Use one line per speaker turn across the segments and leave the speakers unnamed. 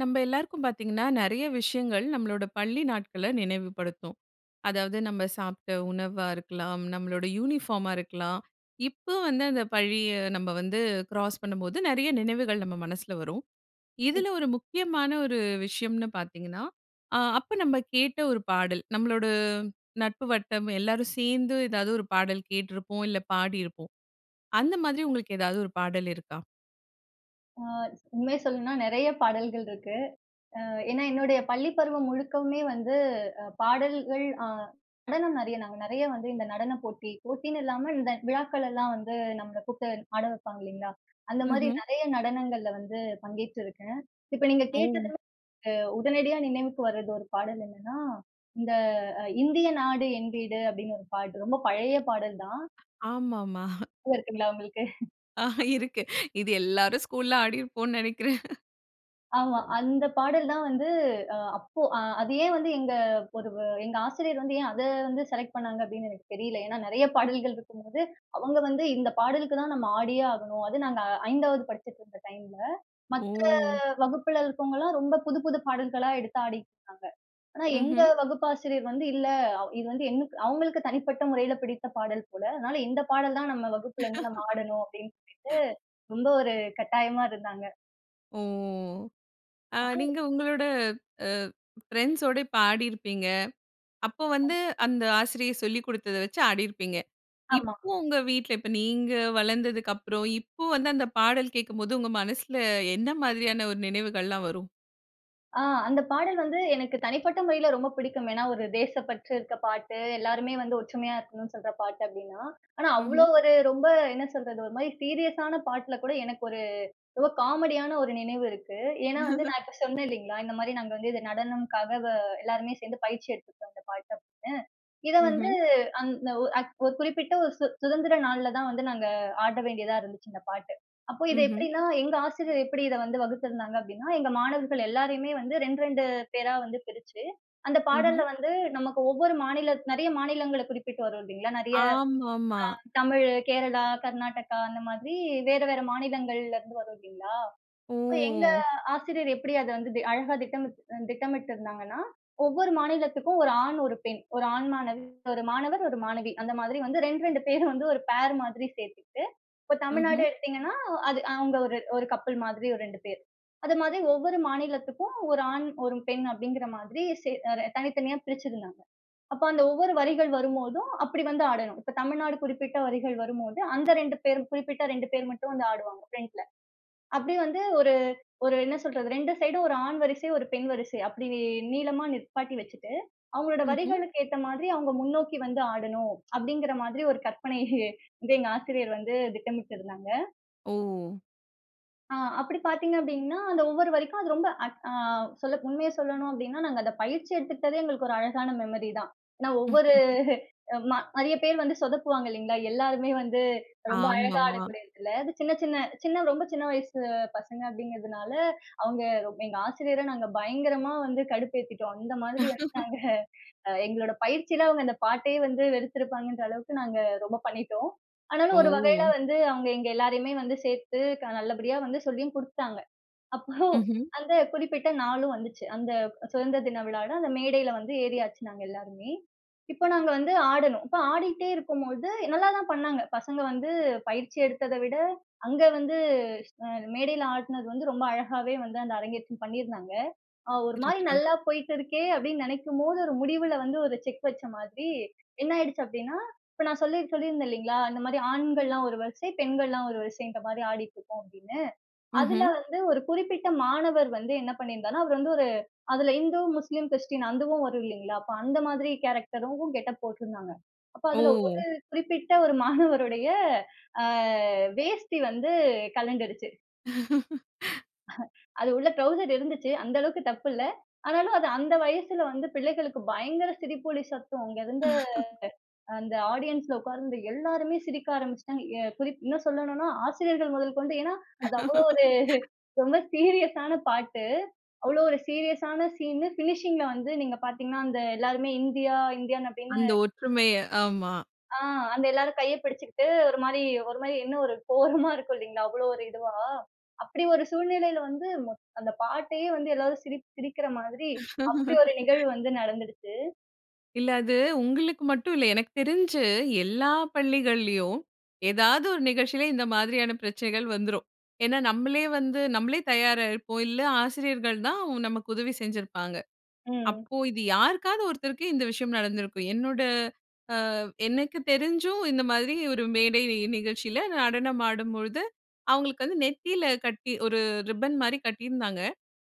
நம்ம எல்லாருக்கும் பார்த்தீங்கன்னா, நெறய விஷயங்கள் நம்மளோட பள்ளி நாட்கள நினைவுபடுத்தும். அதாவது, நம்ம சாப்ட்ட உணவா இருக்கலாம். நம்மளோட யூனிஃபார்மா இருக்கலாம். இப்ப வந்து அந்த பள்ளிய நம்ம வந்து கிராஸ் பண்ணும்போது, நெறய நினைவுகள் நம்ம மனசுல வரும். இதுல ஒரு முக்கியமான ஒரு விஷயம்னு பாத்தீங்கன்னா, அ, அப்ப நம்ம கேட்ட ஒரு பாடல். நம்மளோட நட்பு வட்டம் எல்லாரும் சேர்ந்து, ஏதாவது ஒரு பாடல் கேட்ருப்போம், இல்ல பாடியிருப்போம். அந்த மாதிரி உங்களுக்கு ஏதாவது ஒரு பாடல் இருக்கா?
அ, உண்மைய சொல்லணும்னா, நிறைய பாடல்கள் இருக்கு. அ ஏன்னா, என்னுடைய பள்ளி பருவம் முழுக்கவுமே வந்து அ பாடல்கள், அ நடனம் நெறய நாங்க நெறய வந்து இந்த நடன போட்டி, போட்டின்னு இல்லாம இந்த விழாக்கள் எல்லா வந்து நம்மள கூப்பிட்டு ஆட வப்பாங்க இல்லைங்களா! அந்த மாதிரி
ம்ஹ்ம்.
நிறைய நடனங்கள்ல வந்து பங்கேற்றிருக்கேன். இப்ப நீங்க கேட்டது
ஓ!
உடனடியா நினைவுக்கு வரது ஒரு பாடல் என்னன்னா, இந்த "இந்திய நாடு என் வீடு" அப்படின்னு ஒரு பாட்டு ரொம்ப பழைய பாடல் தான்.
ஆமாமா.
ஞாபகம் இருக்குங்களா உங்களுக்கு?
ஆஹ, இருக்கு. இது எல்லாரும் ஸ்கூல்‌ல ஆடியிருப்போனு நினைக்கிறேன்.
ஆமா. அந்த பாடல் தான் வந்து அ, அப்போ அ அது ஏன் வந்து எங்க ஒரு எங்க ஆசிரியர் வந்து, ஏன் அத வந்து செலக்ட் பண்ணாங்க அப்படின்னு எனக்கு தெரியல? ஏன்னா நிறைய பாடல்கள் இருக்கும்போது, அவங்க வந்து "இந்த பாடலுக்கு தான் நம்ம ஆடியே ஆகணும்." அது நாங்க 5ஆவது படிச்சிட்டு இருந்த டைம்ல, மத்த
ஓ!
வகுப்புல இருக்கவங்கலாம் ரொம்ப புது புது பாடல்களா எடுத்து ஆடிட்டு இருக்காங்க. ஆனா எங்க
ம்ஹ்ம்.
வகுப்பாசிரியர் வந்து இல்ல, அவ் இது வந்து எங் அவங்களுக்கு தனிப்பட்ட முறையில பிடித்த பாடல் போல. அதனால "இந்த பாடல் தான் நம்ம வகுப்புல இருந்து நம்ம ஆடணும்." அப்படின்னு சொல்லிட்டு ரொம்ப ஒரு கட்டாயமா இருந்தாங்க.
ஓ! ஆ,
அப்போ
நீங்க உங்களோட அ ஃபிரெண்ட்ஸோடு பாடியிருப்பீங்க. அப்போ
[unintelligible]
வந்து அந்த ஆசிரியர் சொல்லிக் கொடுத்தத வச்சு ஆடியிருப்பீங்க.
ஆமா.
இப்போ உங்க வீட்ல, இப்ப நீங்க வளர்ந்ததுக்கு அப்புறம், இப்ப வந்து அந்த பாடல் கேட்கும்போது உங்க மனசில என்ன மாதிரியான ஒரு நினைவுகள்லாம் வரும்?
ஆ, அந்த பாடல் வந்து எனக்கு தனிப்பட்ட முறையில ரொம்ப பிடிக்கும். ஏன்னா, ஒரு தேசப்பற்று இருக்க பாட்டு. எல்லாருமே வந்து ஒற்றுமையா இருக்கணுனு சொல்ற பாட்டு அப்பிடின்னா, ஆனா, அவ்ளோ
ம்ஹ்ம்.
ஒரு ரொம்ப என்ன சொல்றது, ஒருமாரி சீரியஸான பாட்ல கூட எனக்கு ஒரு ஏதோ காமெடியான ஒரு நினைவு இருக்கு. ஏன்னா, வந்து நான் இப்ப சொன்னேன் இல்லேங்களா! இந்தமாரி நாங்க வந்து இது நடனம்க்காக அ எல்லாருமே சேர்ந்து பயிற்சி எடுத்துக்கிட்டோம் இந்த பாட்டு அப்பிடின்னு. இத வந்து
ம்ஹ்ம்.
அந்த ஒரு அ குறிப்பிட்ட ஒரு சு சுதந்திர நாள்ல தான் வந்து நாங்க ஆட வேண்டியதா இருந்துச்சு இந்த பாட்டு. அப்போ இது
ம்ஹ்ம்.
எப்பிடின்னா, எங்க ஆசிரியர் எப்பிடி இத வந்து வகுத்திருந்தாங்க அப்பிடின்னா, எங்க மாணவர்கள் எல்லாரையுமே வந்து 2, 2 பேரா வந்து பிரிச்சு, அந்த
ம்ஹ்ம்.
பாடல்ல வந்து நமக்கு ஒவ்வொரு மாநிலத் நிறைய மாநிலங்கள குறிப்பிட்டு வரும் இல்லேங்களா, நிறைய
ஆமாமா.
அ தமிழ், கேரளா, கர்நாடகா அந்த மாதிரி வேற, வேற மாநிலங்கள்லேருந்து வரும் இல்லேங்களா, இப்ப எங்க
ஓ!
ஆசிரியர் எப்பிடி அத வந்து தெ அழகா திட்டமி அ திட்டமிட்டிருந்தாங்கன்னா, ஒவ்வொரு மாநிலத்துக்கும் ஒரு ஆண், ஒரு பெண், ஒரு ஆண் மாணது ஒரு மாணவர், ஒரு மாணவி அந்த மாதிரி வந்து 2, 2 பேர் வந்து ஒரு ஃபேர் மாதிரி சேர்த்துக்கிட்டு, இப்ப தமிழ்நாடு
ம்ஹ்ம்.
எடுத்தீங்கன்னா அது அவுங்க ஒரு கப்பிள் மாதிரி ஒரு 2 பேர். அது மாதிரி ஒவ்வொரு மாநிலத்துக்கும் ஒரு ஆண், ஒரு பெண் அப்பிடிங்கிற மாதிரி சே தனித்தனியா பிரிச்சிருந்தாங்க. அப்போ அந்த ஒவ்வொரு வரிகள் வரும்போதும், அப்பிடி வந்து ஆடணும். இப்ப தமிழ்நாடு குறிப்பிட்ட வரிகள் வரும்போது, அந்த 2 பேர் குறிப்பிட்ட 2 பேர் மட்டும் வந்து ஆடுவாங்க ஃபிரண்ட்‌ல. அப்பிடி வந்து ஒரு, ஒரு என்ன சொல்றது 2 சைடும், ஒரு ஆண் வரிசை, ஒரு பெண் வரிசை அப்பிடி நீளமா நிப்பாட்டி வச்சுட்டு, அவுங்களோட
ம்ஹ்ம்.
வரிகளுக்கு ஏத்த மாதிரி அவுங்க முன்னோக்கி வந்து ஆடணும், அப்பிடிங்கிறமாதிரி ஒரு கற்பனை வந்து எங்க ஆசிரியர் வந்து திட்டமிட்டு இருந்தாங்க.
ஓ!
அ அப்படி பாத்தீங்க அப்படின்னா, அந்த ஒவ்வொரு வரிக்கும் அது ரொம்ப அட் அ சொல்லப் உண்மைய சொல்லணும் அப்படின்னா, நாங்க அந்த பயிற்சி எடுத்துக்கிட்டதே எங்களுக்கு ஒரு அழகான மெமரி தான். ஏன்னா, ஒவ்வொரு ம நெறைய பேர் வந்து சொதப்புவாங்க இல்லங்களா, எல்லாருமே வந்து ரொம்ப அழகா
ஆமாமா.
ஆடக்கூடிய இடத்துல, அது சின்ன சின்ன சின்ன, ரொம்ப சின்ன, வயசு பசங்க அப்படிங்குறதுனால அவங்க ரொம் எங்க ஆசிரியர நாங்க பயங்கரமா வந்து கடுப்பேத்திட்டோம். அந்த மாதிரி வச்சுட்டாங்க அ எங்களோட பயிற்சியில அவங்க அந்த பாட்டையே வந்து வெறுத்துருப்பாங்கன்ற அளவுக்கு, நாங்க ரொம்ப பண்ணிட்டோம். ஆனாலும் ஒரு வகையில
ஓ!
வந்து அவங்க, எங்க எல்லோரையுமே வந்து சேத்து க நல்லபடியா வந்து சொல்லியும் குடுத்துட்டாங்க. அப்போ
ம்ஹ்ம்.
அந்த குறிப்பிட்ட நாளும் வந்துச்சு, அந்த அ சுதந்திர தின விழால அந்த மேடையில வந்து ஏறியாச்சு, நாங்க எல்லாருமே. இப்ப நாங்க வந்து ஆடணும், இப்ப ஆடிகிட்டே இருக்கும்பொழுது எ நல்லாதான் பண்ணாங்க. பசங்க வந்து பயிற்சி எடுத்தத விட அங்க வந்து, ஸ் அ மேடையில ஆடினது வந்து ரொம்ப அழகாகவே வந்து அந்த அரங்கேற்றம் பண்ணியிருந்தாங்க. அ ஒரு மாரி
சிறப்பு.
நல்லா போயிட்டு இருக்கே அப்படின்னு நினைக்கும் போது, ஒரு முடிவுல வந்து ஒரு செக் வைச்ச மாதிரி, என்ன ஆயிடுச்சு அப்படின்னா, இப்ப நான் சொல்லிர் சொல்லிருந்தேன் இல்லங்களா, இந்த மாரி ஆண்கள்லாம் ஒரு வரிசை, பெண்கள்லாம் ஒரு வரிசைன்ற மாரி ஆடிட்டு இருக்கோம் அப்படின்னு. அதுல
ம்ஹ்ம்.
வந்து, ஒரு குறிப்பிட்ட மாணவர் வந்து என்ன பண்ணிருந்தாருனா, அவரு வந்து ஒரு அதுல இந்து, முஸ்லீம், கிறிஸ்டின் அதுவும் வரும் இல்லங்களா? அப்ப அந்த மாரி கேரக்டரும் கெட் அப் போட்ருந்தாங்க. அப்போ அதுல
ஓ!
ஒரு குறிப்பிட்ட ஒரு மாணவருடைய ஆ வேஷ்டி வந்து கழண்டுருச்சு. அது உள்ள ட்ரவுசர் இருந்துச்சு. அந்த அளவுக்கு தப்பு இல்ல. ஆனாலும் அது அந்த வயசுல வந்து பிள்ளைகளுக்கு பயங்கர சிரிப்பொலி சத்தம். அங்க இருந்த அந்த ஆடியன்ஸ்‌ல உட்கார்ந்திருந்த எல்லாருமே சிரிக்க ஆரம்பிச்சுட்டாங்க. எ குறிப் இன்னும் சொல்லணும்னா ஆசிரியர்கள் முதற்கொண்டு ஏன்னா, அது அவ்வளவு ஒரு ரொம்ப சீரியஸான பாட்டு. அவ்வளவு ஒரு சீரியஸான சீன் பினிஷிங்‌ல வந்து நீங்க பாத்தீங்கன்னா, அந்த எல்லாருமே இந்தியா, இந்தியன் அப்படின்னு
அந்த ஒற்றுமைய ஆமா.
ஆ, அந்த எல்லாரும் கைய பிடிச்சுக்கிட்டு, ஒரு மாரி ஒரு மாரி இன்னும் ஒரு கோரமா இருக்கும் இல்லங்களா, அவ்வளவு ஒரு இதுவா! அப்படி ஒரு சூழ்நிலையில வந்து மொத் அந்த பாட்டயே வந்து எல்லாரும், சிரி சிரிக்குற மாரி அப்படி ஒரு நிகழ்வு வந்து நடந்துடுச்சு.
இல்ல அது உங்களுக்கு மட்டும் இல்ல. எனக்கு தெரிஞ்சு, எல்லா பள்ளிகள்லயும் ஏதாவது ஒரு நிகழ்ச்சில இந்த மாதிரியான பிரச்சனைகள் வந்துரும். ஏன்னா, நம்மளே வந்து, நம்மளே தயாரா இருப்போம். இல்ல, ஆசிரியர்கள் தான் நமக்கு உதவி செஞ்சிருப்பாங்க.
ம்.
அப்போ இது யாருக்காவது ஒருத்தருக்கு இந்த விஷயம் நடந்திருக்கும். என்னோட அ எனக்கு தெரிஞ்சும் இந்த மாதிரி ஒரு மேடை நிகழ்ச்சியில நடனம் ஆடும்பொழுது, அவுங்களுக்கு வந்து நெத்தில கட்டி, ஒரு ரிப்பன்மாரி கட்டியிருந்தாங்க.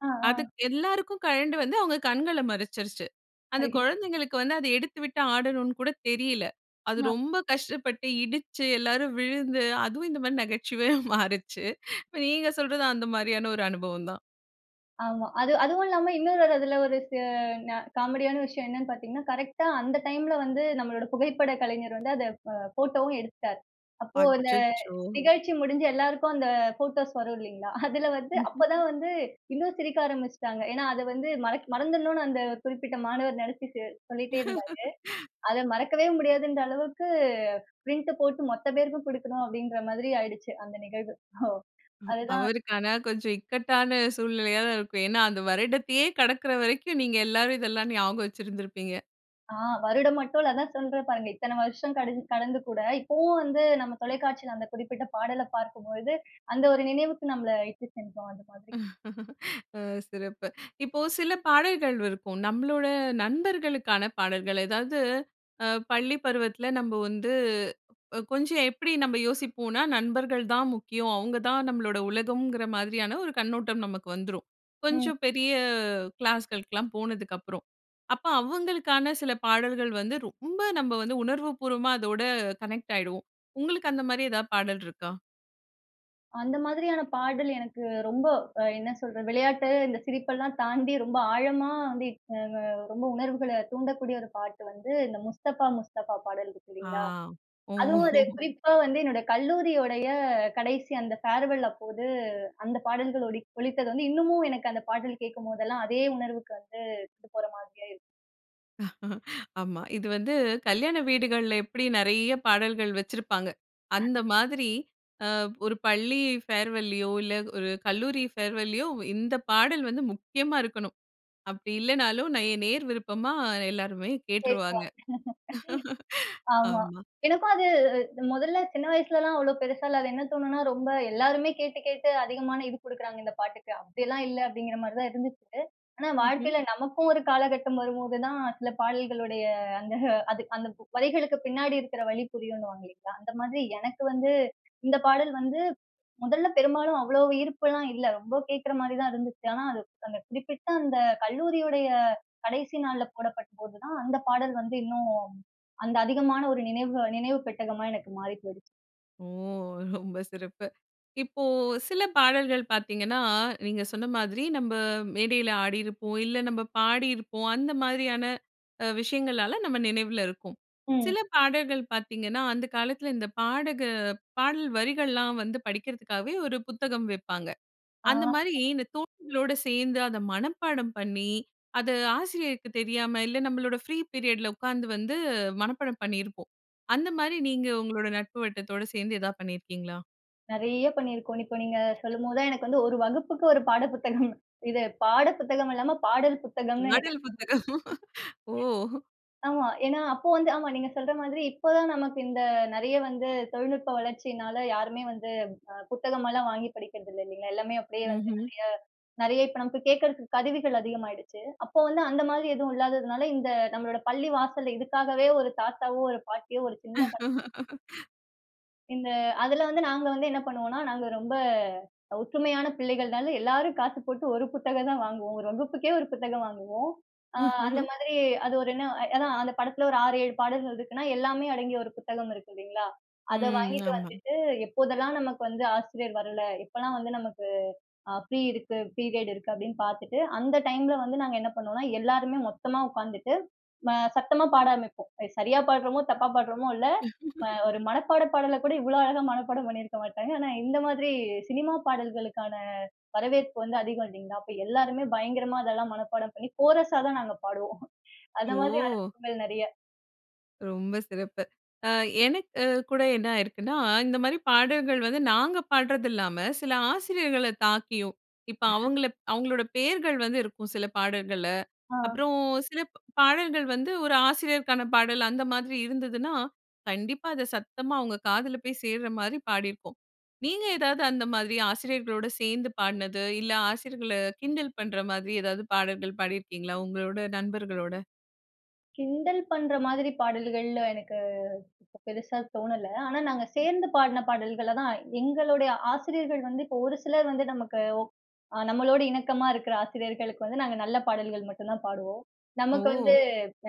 ஆ,
அது
ஆ.
எல்லாருக்கும் கழண்டு வந்து அவுங்க கண்கள மறச்சிருச்சு. அந்த
ஐயோ!
குழந்தைகளுக்கு வந்து அத எடுத்துவிட்டு ஆடணுனு கூட தெரியல. அது
ஆ.
ரொம்ப கஷ்டப்பட்டு இடிச்சு, எல்லாரும் விழுந்து அதுவும் இந்தமாரி நகைச்சுவையா மாறுச்சு. இப்ப நீங்க சொல்றதும் அந்தமாரியான ஒரு அனுபவம் தான்.
ஆமா. அது, அதுவும் இல்லாம இன்னொரு ஒரு அதில ஒரு செ அ காமெடியான விஷயம் என்னன்னு பார்த்தீங்கன்னா, கரெக்டா அந்த டைம்ல வந்து நம்மளோட புகைப்பட கலைஞர் வந்து, அத அ ஃபோட்டோவும் எடுத்துட்டார். அப்போ அந்த
அச்சச்சோ!
நிகழ்ச்சி முடிஞ்சு எல்லாருக்கும் அந்த ஃபோட்டோஸ் வரும் இல்லீங்களா, அதில வந்து
ம்,
அப்ப
ம்.
தான் வந்து இன்னும் சிரிக்க ஆரம்பிச்சுட்டாங்க. ஏன்னா, அத வந்து மறக் மறந்துடணுனு அந்த குறிப்பிட்ட மாணவர் நினச்சிட்டு சொல்லிட்டே இருந்தாரு. அத மறக்கவே முடியாதுன்ற அளவுக்கு, பிரிண்ட் போட்டு மொத்த பேருக்கும் கொடுக்கணும், அப்பிடின்ற மாதிரி ஆயிடுச்சு அந்த நிகழ்வு. ஹோ
அ
அதுதான்.
அவருக்கான கொஞ்சம் இக்கட்டான, சூழ்நிலையா தான் இருக்கும். ஏன்னா, அந்த வருடத்தையே கடக்கிற வரைக்கும், நீங்க எல்லாரும் இதெல்லாம் ஞாபகம் வச்சிருந்திருப்பீங்க.
ஆ. வருடம் மட்டும் இல்ல. அதான் சொல்றேன் பாருங்க, இத்தன வருஷம் கடிந்த் கடந்து கூட, இப்பவும் வந்து நம்ம தொலைக்காட்சியில அந்த குறிப்பிட்ட பாடலை பார்க்கும்பொழுது, அந்த ஒரு நினைவுக்கு நம்மல இட்டு சென்றுரும். அது மாதிரி.
அ. சிறப்பு! இப்போ சில பாடல்கள் இருக்கும். நம்பளோட, நண்பர்களுக்கான பாடல்கள். எதாவது, அ பள்ளி பருவத்தில நம்ப வந்து கொஞ்சம் எப்படி நம்ப யோசிப்போனா "நண்பர்கள் தான் முக்கியம். அவங்க தான் நம்மளோட உலகம்ங்குற" மாதிரியான ஒரு கண்ணோட்டம் நமக்கு வந்துரும்.
ம்.
கொஞ்சம் பெரிய கிளாஸ்களுக்லாம் போனதுக்கப்பறம். அப்ப அவுங்களுக்கான சில பாடல்கள் வந்து ரொம்ப நம்ப வந்து, உணர்வு பூர்வமா அதோட கனெக்ட் ஆயிடுவோம். உங்களுக்கு அந்த மாரி எதாது பாடல் இருக்கா?
அந்த மாதிரியான பாடல் எனக்கு ரொம்ப அ என்ன சொல்றது? விளையாட்டு, இந்த சிரிப்பெல்லாம் தாண்டி ரொம்ப ஆழமா வந்து இப்ப ம ரொம்ப உணர்வுகள தூண்டக்கூடிய ஒரு பாட்டு வந்து, இந்த முஸ்தபா முஸ்தபா பாடல் இருக்கு
ஆ.
இல்லீங்களா? அதுவும்
ஓஹோ!
அது குறிப்பா வந்து, என்னோட கல்லூரியுடைய கடைசி அந்த ஃபேர்வெல் அப்போது அந்த பாடல்கள் ஒடி ஒலித்தது வந்து, இன்னமும் எனக்கு அந்த பாடல் கேட்கும்போதெல்லாம் அதே உணர்வுக்கு வந்து கொண்டு போற மாதிரியா இருக்கு.
ஆமா. இது வந்து கல்யாண வீடுகள்ல எப்படி நெறைய பாடல்கள் வச்சிருப்பாங்க. அந்த மாதிரி, அ ஒரு பள்ளி ஃபேர்வல்லியோ, இல்ல ஒரு கல்லூரி ஃபேர்வல்லியோ ஒ இந்த பாடல் வந்து முக்கியமா இருக்கணும். அப்படி இல்லன்னாலும் நேய நேயர் விருப்பமா எல்லோருமே
[unintelligible]
கேட்டுருவாங்க.
ஆமா.
ஆமா.
எனக்கும் அது மொதல்ல சின்ன வயசுலல்லாம் அவ்வளோ பெருசா இல்ல. அது என்ன தோணும்னா, ரொம்ப எல்லாருமே கேட்டு கேட்டு அதிகமான இது குடுக்குறாங்க இந்த பாட்டுக்கு, அப்படியெல்லாம் இல்ல அப்படீங்கிற மாரி தான் இருந்துச்சு. ஆனா,
ம்ஹ்ம்.
வாழ்க்கைல நமக்கும் ஒரு காலகட்டம் வரும்போது தான், சில பாடல்களுடைய அந்த அது அந்த வரிகளுக்கு பின்னாடி இருக்குற வலி புரியுன்னுவாங்க இல்லீங்களா? அந்த மாதிரி எனக்கு வந்து, இந்த பாடல் வந்து முதல்ல பெரும்பாலும் அவ்வளவு ஈர்ப்புல்லாம் இல்ல. ரொம்ப கேக்குற மாரி தான் இருந்துச்சு. ஆனா, அது அந்த குறிப்பிட்ட அந்த கல்லூரியுடைய கடைசி நாள்ல போடப்பட்ட போது தான், அந்த பாடல் வந்து இன்னும் அந்த அதிகமான ஒரு நினைவுக நினைவு பெட்டகமா எனக்கு மாறி போய்டுச்சு.
ஓ! ரொம்ப சிறப்பு. இப்போ, சில பாடல்கள் பார்த்தீங்கன்னா, நீங்க சொன்னமாதிரி நம்ம மேடைல ஆடியிருப்போம், இல்ல நம்ம பாடியிருப்போம். அந்த மாதிரியான அ விஷயங்களால நம்ம நினைவில இருக்கும். சில
ம்.
பாடல்கள் பார்த்தீங்கன்னா, அந்த காலத்தில இந்த பாடக பாடல் வரிகள்லாம் வந்து படிக்கிறதுக்காகவே ஒரு புத்தகம் விப்பாங்க.
அ
அந்தமாரி இந்த தோழிகளோட சேர்ந்து அத மனப்பாடம் பண்ணி, அது ஆசிரியருக்கு தெரியாம, இல்ல நம்மளோட ஃப்ரீ பீரியட்‌ல உட்கார்ந்து வந்து மனப்பாடம் பண்ணியிருப்போம். அந்தமாரி, நீங்க உங்களோட நட்பு வட்டத்தோட சேர்ந்து ஏதாவது பண்ணிருக்கிறீங்களா?
நெறைய பண்ணிருக்கோம். இப்ப நீங்க சொல்லும் போது தான் எனக்கு வந்து ஒரு வகுப்புக்கு ஒரு பாட புத்தகம். இது பாட புத்தகம் இல்லாம, பாடல் புத்தகம்னு எனக்கு
பாடல் புத்தகம். ஓ!
[unintelligible] ஆமா. ஏன்னா, அப்போ வந்து ஆமா நீங்க சொல்ற மாதிரி இப்ப தான் நமக்கு இந்த நிறைய வந்து தொழில்நுட்ப வளர்ச்சியினால யாருமே வந்து, அ புத்தகம் எல்லாம் வாங்கி படிக்கிறது இல்ல இல்லீங்களா? எல்லாமே அப்பிடியே வந்து
ம்ஹ்ம்.
நெறைய நெறைய இப்ப நமக்கு கேக்குறதுக்கு கருவிகள் அதிகமாயிடுச்சு. அப்போ வந்து அந்த மாதிரி எதுவும் இல்லாததுனால, இந்த நம்மளோட பள்ளி வாசல்ல இதுக்காகவே ஒரு தாத்தாவோ, ஒரு பாட்டியோ, ஒரு சின்ன [unintelligible] இந்த அதுல வந்து நாங்க வந்து என்ன பண்ணுவோனா, நாங்க ரொம்ப ஒற்றுமையான பிள்ளைகள்னால, எல்லாரும் காசு போட்டு ஒரு புத்தகம் தான் வாங்குவோம். ஒரு வகுப்புக்கே ஒரு புத்தகம் வாங்குவோம். அ, அந்த மாதிரி அது ஒரு என்ன ஏன்னா, அந்த படத்தில ஒரு 6, 7 பாடல்கள் இருக்குன்னா, எல்லாமே அடங்கிய ஒரு புத்தகம் இருக்கு இல்லீங்களா? அத
ம்.
வாங்கிட்டு
ஆமா.
வந்துட்டு, எப்போதெல்லாம் நமக்கு வந்து ஆசிரியர் வரல. எப்பலாம் வந்து நமக்கு, அ ஃப்ரீ இருக்கு பீரியட் இருக்கு அப்டீன்னு பார்த்துட்டு, அந்த டைம்ல வந்து நாங்க என்ன பண்ணுவோன்னா, எல்லாருமே மொத்தமா உட்காந்துட்டு, ம சத்தமா பாட ஆரமிப்போம். அது சரியா பாடுறமோ, தப்பா பாடுறோமோ இல்ல, அ ஒரு மனப்பாட பாடல கூட இவ்ளோ அழகா மனப்பாடம் பண்ணிருக்க மாட்டாங்க. ஆனா, இந்த மாதிரி சினிமா பாடல்களுக்கான வரவேற்பு வந்து அதிகம் இல்லீங்களா? அப்ப எல்லாருமே பயங்கரமா அதெல்லாம் மனப்பாடம் பண்ணி, கோரஸா தான் நாங்க பாடுவோம். அந்தமாரி
ஓ!
அனுபவங்கள் நெறைய
ரொம்ப சிறப்பு. அ எனக்கு கு கூட என்ன ஆயிருக்குன்னா? இந்த மாதிரி பாடல்கள் வந்து நாங்க பாடுறதில்லாம, சில ஆசிரியர்கள தாக்கியும், இப்ப அவங்கள ப் அவங்களோட பேர்கள் வந்து இருக்கும் சில பாடல்கள்ல.
ஆ.
அப்புறம் சில ப் பாடல்கள் வந்து ஒரு ஆசிரியருக்கான பாடல் அந்த மாதிரி இருந்ததுனா, கண்டிப்பா அத சத்தமா அவங்க காதுல போய் சேர்ற மாரி பாடியிருக்கோம். நீங்க ஏதாவது அந்த மாதிரி ஆசிரியர்களோடு சேர்ந்து பாடுனது, இல்ல ஆசிரியர்கள கிண்டல் பண்ற மாதிரி ஏதாவது பாடல்கள் பாடியிருக்கீங்களா? உங்களோட நண்பர்களோட.
கிண்டல் பண்ற மாதிரி பாடல்கள், எனக்கு பெருசா தோணல. ஆனா, நாங்க சேர்ந்து பாடுன பாடல்களதான் எங்களுடைய ஆசிரியர்கள் வந்து, இப்ப ஒரு சிலர் வந்து நமக்கு ஓக் அ நம்மளோடு இணக்கமா இருக்கிற ஆசிரியர்களுக்கு வந்து நாங்க நல்ல பாடல்கள் மட்டும் தான் பாடுவோம். நமக்கு வந்து
ஓ!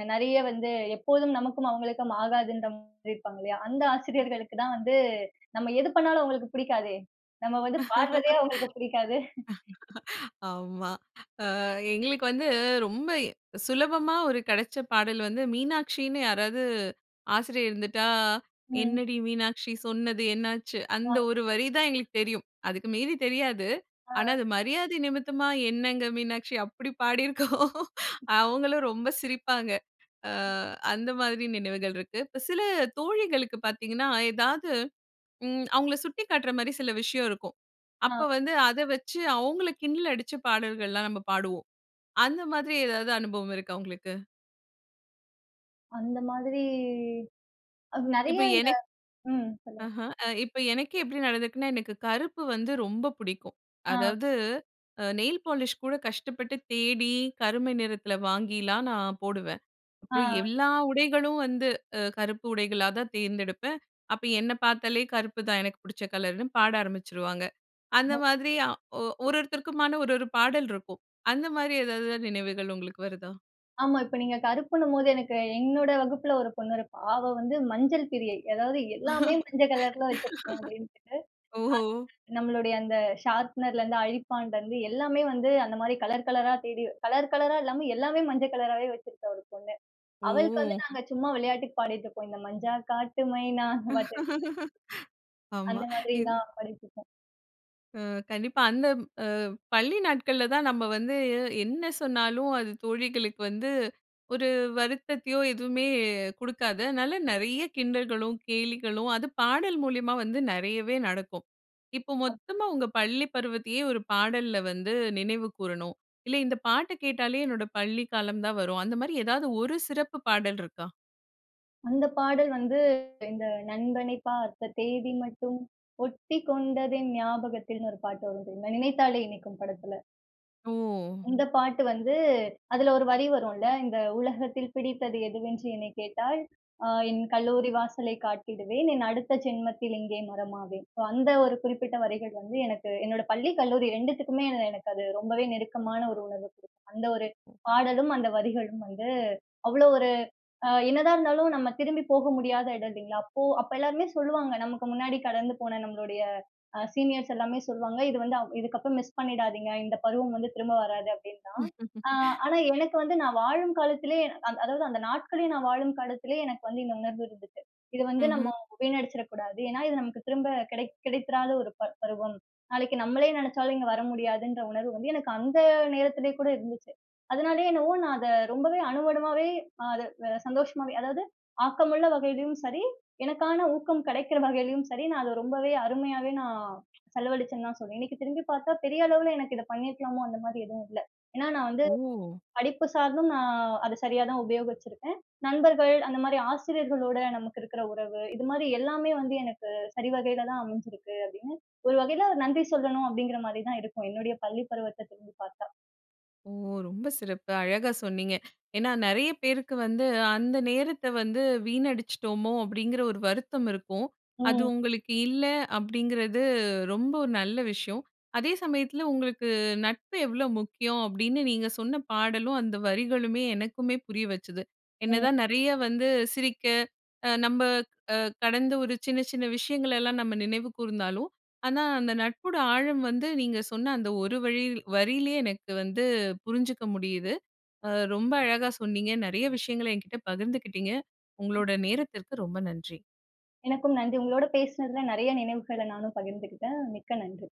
அ நெறைய வந்து, எப்போதும் நமக்கும் அவங்களுக்கும் ஆகாதுன்ற மாரி இருப்பாங்க இல்லையா, அந்த ஆசிரியர்களுக்கு தான் வந்து, நம்ம எது பண்ணாலும் அவங்களுக்கு பிடிக்காதே! நம்ம வந்து பாடுறதே அவங்களுக்கு பிடிக்காது.
ஆமா. ஆ எங்களுக்கு வந்து ரொம்ப இ சுலபமா ஒரு கெடச்ச பாடல் வந்து, மீனாட்சின்னு யாராவது ஆசிரியர் இருந்துட்டா,
ம்.
"என்னடி மீனாட்சி, சொன்னது என்னாச்சு" அந்த
ஆமா.
ஒரு வரி தான் எங்களுக்கு தெரியும். அதுக்கு மீறி தெரியாது.
ஆ.
ஆனா அது மரியாதை நிமித்தமா, "என்னங்க மீனாட்சி" அப்படி பாடி இருக்கோம். அவங்களும் ரொம்ப சிரிப்பாங்க. ஆ அந்த மாதிரி நினைவுகள் இருக்கு. இப்போ சில தோழிகளுக்கு பார்த்தீங்கன்னா, ஏதாவது, ம் அவங்களை சுட்டிக்காட்டுற மாரி சில விஷயம் இருக்கும். அப்ப
ஆ.
வந்து அத வச்சு அவங்களை கிண்டல் அடிச்சு பாடல்கள்லாம் நம்ம பாடுவோம். அந்த மாதிரி ஏதாவது அனுபவம் இருக்கா, உங்களுக்கு?
அந்த மாதிரி அ நெறைய
இப்ப
இந்த
எனக்
ம். சொல்லுங்க.
ஆஹா. அ இப்ப எனக்கே எப்படி நடந்துருக்குனா, எனக்கு கருப்பு வந்து ரொம்ப புடிக்கும்.
ஆ.
அதாவது, அ நெயில் பாலிஷ் கூட கஷ்டப்பட்டு தேடி, கருமை நிறத்துல வாங்கிலாம் நான் போடுவேன்.
ஆ.
அப்புறம் எல்லா உடைகளும் வந்து, அ கருப்பு உடைகளா தான் தேர்ந்தெடுப்பேன். அப்ப என்னை பார்த்தாலே கருப்பு தான் எனக்கு புடிச்ச கலருன்னு பாட ஆரம்பிச்சுருவாங்க. அந்த
[unintelligible]
மாதிரி அ ஒ ஒரு ஒருத்தருக்குமான ஒரு ஒரு பாடல் இருக்கும். அந்த மாதிரி எதாவது, நினைவுகள் உங்களுக்கு வருதா?
ஆமா. இப்ப நீங்க கருப்புன்னும்போது எனக்கு என்னோட வகுப்புல ஒரு பொண்ணு இருப்பா. அவ வந்து மஞ்சள் பிரியை. அதாவது எல்லாமே மஞ்ச கலர்ல வச்சிருக்கும் அப்படின்டு. [unintelligible]
ஓஹோ!
நம்மளுடைய அந்த ஷார்ப்னர்‌லருந்து, அழிப்பான்லருந்து, எல்லாமே வந்து அந்த மாதிரி கலர் கலரா தேடி, கலர் கலரா இல்லாம எல்லாமே மஞ்ச கலராவே வச்சிருந்தா ஒரு பொண்ணு. அவளுக்கு வந்து
ஓ!
நாங்க சும்மா விளையாட்டுக்கு பாடிட்டு இருப்போம். இந்த மஞ்சா காட்டு மைனா அந்த பாட்டு.
ஆமா.
அந்த மாதிரி
இந்
தான், பாடிட்டுருப்போம்.
அ. கண்டிப்பா. அந்த ம் அ பள்ளி நாட்கள்ல தான் நம்ம வந்து, என்ன சொன்னாலும் அது தோழிகளுக்கு வந்து ஒரு வருத்தத்தையோ, எதுவுமே குடுக்காது. அதனால நெறைய கிண்டல்களும் கேலிகளும், அது பாடல் மூலியமா வந்து நெறையவே நடக்கும். இப்போ
அப்
மொத்தமா உங்க பள்ளி பருவத்தயே, ஒரு பாடல்ல வந்து நினைவு கூறணும். இல்ல, இந்த பாட்டை கேட்டாலே என்னோட பள்ளி காலம் தான் வரும். அந்த மாரி எதாவது ஒரு சிறப்பு பாடல் இருக்கா?
அந்த பாடல் வந்து, இந்த நண்பனை பார்த்த தேதி மட்டும், ஒட்டிக் கொண்டதென் ஞாபகத்தில்ன்னு 1 பாட்டு வரும் தெரியுமா? நினைத்தாலே இனிக்கும் படத்துல.
ஓ!
இந்த பாட்டு வந்து அதில 1 வரி வரும்ல, "இந்த உலகத்தில் பிடித்தது எதுவென்று என்னை கேட்டால், அ என் கல்லூரி வாசலை காட்டிடுவேன். என் அடுத்த ஜென்மத்தில் இங்கே மரமாவேன்." ஸோ அந்த ஒரு குறிப்பிட்ட வரிகள் வந்து, எனக்கு என்னோட பள்ளி, கல்லூரி 2த்துக்குமே என எனக்கு அது ரொம்பவே நெருக்கமான ஒரு உணர்வு குடுக்கும். அந்த 1
ஒ.
பாடலும், அந்த வரிகளும் வந்து அவ்வளோ ஒரு அ என்னதான் இருந்தாலும் நம்ம திரும்பி போக முடியாத இடம் இல்லைங்களா? அப்போ அப்ப எல்லாருமே சொல்லுவாங்க. நமக்கு முன்னாடி கடந்து போன நம்முடைய அ சீனியர்ஸ் எல்லாமே சொல்லுவாங்க. "இது வந்து அ இதுக்கு அப்பறம் மிஸ் பண்ணிடாதீங்க. இந்த பருவம் வந்து திரும்ப வராது." அப்படின்னு தான். ஆ ஆனா எனக்கு வந்து நான் வாழும் காலத்திலே, அ அதாவது அந்த நாட்களே நான் வாழும் காலத்திலே எனக்கு வந்து இந்த உணர்வு இருந்ததுச்சு. இத வந்து நம்ம
ம்ஹ்ம்.
வீணடிச்சிர கூடாது. ஏன்னா, இது நமக்கு திரும்ப கிடை கிடைத்திராத ஒரு பர் பருவம். நாளைக்கு நம்மளே நெனைச்சாலும் இங்க வர முடியாதுன்ற உணர்வு வந்து, எனக்கு அந்த நேரத்திலே கூட இருந்துச்சு. அதனாலே என்னவோ நான் அத ரொம்பவே அணு அணுவாவே அதை சந்தோஷமாவே, அதாவது ஆக்கமுள்ள வகையிலயும் சரி, எனக்கான ஊக்கம் கெடைக்கிற வகையிலயும் சரி, நான் அதை ரொம்பவே அருமையாவே நான் செலவழிச்சேன்னு தான் சொல்லுவேன். இன்னைக்கு திரும்பி பார்த்தா, பெரிய அளவில எனக்கு இதை பண்ணியிருக்கலாமோ? அந்த மாதிரி எதுவும் இல்ல. ஏன்னா நான் வந்து
ஓ!
படிப்பு சார்ந்தும், நான் அத சரியா தான் உபயோகிச்சுருக்கேன். நண்பர்கள், அந்த மாரி ஆசிரியர்களோட நமக்கு இருக்கிற உறவு இது மாதிரி எல்லாமே வந்து எனக்கு சரி வகையில தான் அமைஞ்சுருக்கு, அப்படீன்னு ஒரு வகையில நன்றி சொல்லணும் அப்டீங்கிற மாரி தான் இருக்கும். என்னுடைய பள்ளி பருவத்தை திரும்பி பார்த்தா.
ஓ! ரொம்ப சிறப்பு! அழகா சொன்னீங்க. ஏன்னா, நெறைய பேருக்கு வந்து, அந்த நேரத்தை வந்து வீணடிச்சிட்டோமோ? அப்படீங்கிற ஒரு வருத்தம் இருக்கும். அது
ம்.
உங்களுக்கு இல்ல, அப்படீங்கிறது ரொம்ப ஒரு நல்ல விஷயம். அதே சமயத்தில உங்களுக்கு நட்பு எவ்வளோ முக்கியம்? அப்படீன்னு நீங்க சொன்ன பாடலும், அந்த வரிகளுமே, எனக்குமே புரிய வச்சுது. என்ன
ம்.
தான் நெறைய வந்து சிரிக்க அ நம்ப அ கடந்த ஒரு சின்ன சின்ன விஷயங்களெல்லாம் நம்ம நினைவு கூர்ந்தாலும் ஆனா அந்த நட்போட ஆழம் வந்து நீங்க சொன்ன அந்த ஒரு வழி வரியிலே எனக்கு வந்து புரிஞ்சுக்க முடியுது. அ ரொம்ப அழகா சொன்னீங்க, நெறைய விஷயங்கள என்கிட்ட பகிர்ந்துக்கிட்டீங்க. உங்களோட நேரத்திற்கு ரொம்ப நன்றி.
எனக்கும் நன்றி. உங்களோடு பேசினதுல நெறைய நினைவுகளை நானும் பகிர்ந்துகிட்டேன். மிக்க நன்றி.